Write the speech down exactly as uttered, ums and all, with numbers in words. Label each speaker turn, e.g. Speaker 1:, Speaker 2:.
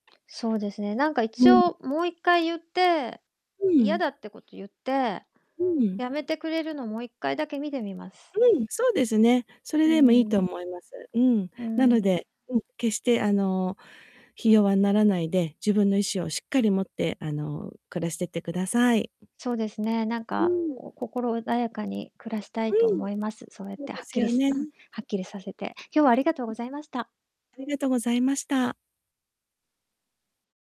Speaker 1: そうですね、なんか
Speaker 2: う
Speaker 1: 一
Speaker 2: ん。
Speaker 1: 応もういっかい言って、
Speaker 2: う
Speaker 1: 嫌
Speaker 2: ん。
Speaker 1: だってことを言って、
Speaker 2: うん。
Speaker 1: やめてくれるのをもういっかいだけ見てみます。
Speaker 2: うん、そうですね。それ
Speaker 1: う
Speaker 2: でもいいと
Speaker 1: ん。
Speaker 2: 思います。うん。
Speaker 1: う
Speaker 2: なの
Speaker 1: ん。
Speaker 2: で、うん、決して、あの、ひ弱にならないで、自分の意志をしっかり持って、あの、暮らしていってください。
Speaker 1: そうですね。なん
Speaker 2: う
Speaker 1: か
Speaker 2: ん。
Speaker 1: こう、心穏やかに暮らした
Speaker 2: う
Speaker 1: いと
Speaker 2: ん。
Speaker 1: 思います。そうやっ
Speaker 2: そう
Speaker 1: て、
Speaker 2: で
Speaker 1: はっ
Speaker 2: す
Speaker 1: きり
Speaker 2: よ
Speaker 1: すうん、
Speaker 2: ね。
Speaker 1: はっきりさせて。今日はありがとうご
Speaker 2: ん。
Speaker 1: ざいました。
Speaker 2: ありがとうございました。